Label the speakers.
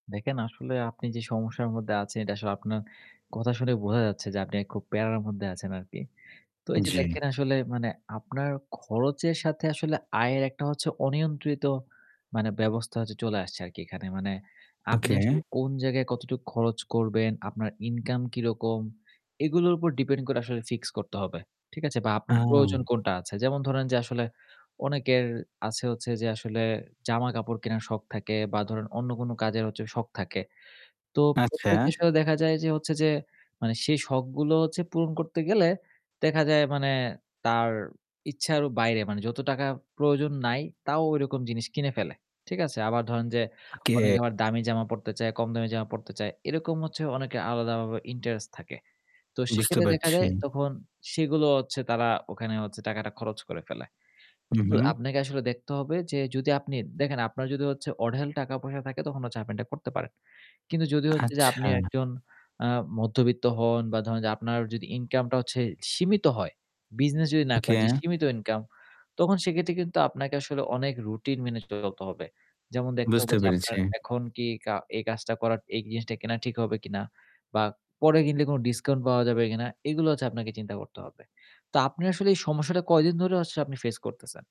Speaker 1: দেখেন আসলে আপনি যে সমস্যার মধ্যে আছেন এটা আসলে আপনার কথা শুনে বোঝা যাচ্ছে যে আপনি অ্যা খুব প্যারার মধ্যে আছেন আরকি। তো এইযে
Speaker 2: জ্বি।
Speaker 1: দেখেন আসলে মানে আপনার খরচের সাথে আসলে আয়ের একটা হচ্ছে অনিয়ন্ত্রিত মানে ব্যবস্থা হচ্ছে চলে আসছে আরকি এখানে। মানে আপনি
Speaker 2: ওকে।
Speaker 1: আসলে কোন জায়গায় কতটুকু খরচ করবেন, আপনার ইনকাম কিরকম এগুলোর উপর ডিপেন্ড করে আসলে ফিক্স করতে হবে। ঠিক আছে? বা আপনার প্রয়োজন
Speaker 2: আও
Speaker 1: কোনটা আছে? যেমন ধরেন যে আসলে অনেকের আছে হচ্ছে যে আসলে জামা-কাপড় কেনার শখ থাকে বা ধরেন অন্য কোনো কাজের হচ্ছে শখ থাকে। তো
Speaker 2: আচ্ছা।
Speaker 1: প্রত্যেকের সাথে দেখা যায় যে হচ্ছে যে মানে সেই শখগুলো হচ্ছে পূরণ করতে গেলে দেখা যায় মানে তার ইচ্ছারও বাইরে মানে যত টাকা প্রয়োজন নাই তাও ঐরকম জিনিস কিনে ফেলে। ঠিক আছে? আবার ধরেন যে অনেকে
Speaker 2: ওকে।
Speaker 1: আবার দামি জামা পড়তে চায়, কম দামি জামা পড়তে চায়। এরকম হচ্ছে অনেকের আলাদাভাবে ইন্টারেস্ট থাকে। তো
Speaker 2: বুঝতে
Speaker 1: সেক্ষেত্রে দেখা
Speaker 2: পারছি।
Speaker 1: যায় তখন সেগুলো হচ্ছে তারা ওখানে হচ্ছে টাকাটা খরচ করে ফেলে।
Speaker 2: হু,
Speaker 1: কিন্তু
Speaker 2: হু।
Speaker 1: আপনাকে আসলে দেখতে হবে যে যদি আপনি দেখেন আপনার যদি অঢেল টাকা-পয়সা থাকে তখন হচ্ছে আপনি এটা করতে পারেন। কিন্তু যদি হচ্ছে যে
Speaker 2: আচ্ছা।
Speaker 1: আপনি একজন আ মধ্যবিত্ত হন বা ধরেন যে আপনার যদি ইনকামটা হচ্ছে সীমিত হয়, বিজনেস যদি না করেন যে
Speaker 2: ওকে।
Speaker 1: সীমিত ইনকাম, তখন সেক্ষেত্রে কিন্তু আপনাকে আসলে অনেক রুটিন মেনে চলতে হবে। যেমন দেখতে হবে
Speaker 2: বুঝতে
Speaker 1: যে আপনার
Speaker 2: পেরেছি।
Speaker 1: এখন কি এই কা এই কাজটা করা এই জিনিসটা কেনা ঠিক হবে কিনা বা পরে কিনলে কোনো ডিসকাউন্ট পাওয়া যাবে কিনা, এইগুলো হচ্ছে আপনাকে চিন্তা করতে হবে। তো আপনি আসলে এই সমস্যাটা কয়দিন ধরে হচ্ছে আপনি ফেস করতেছেন?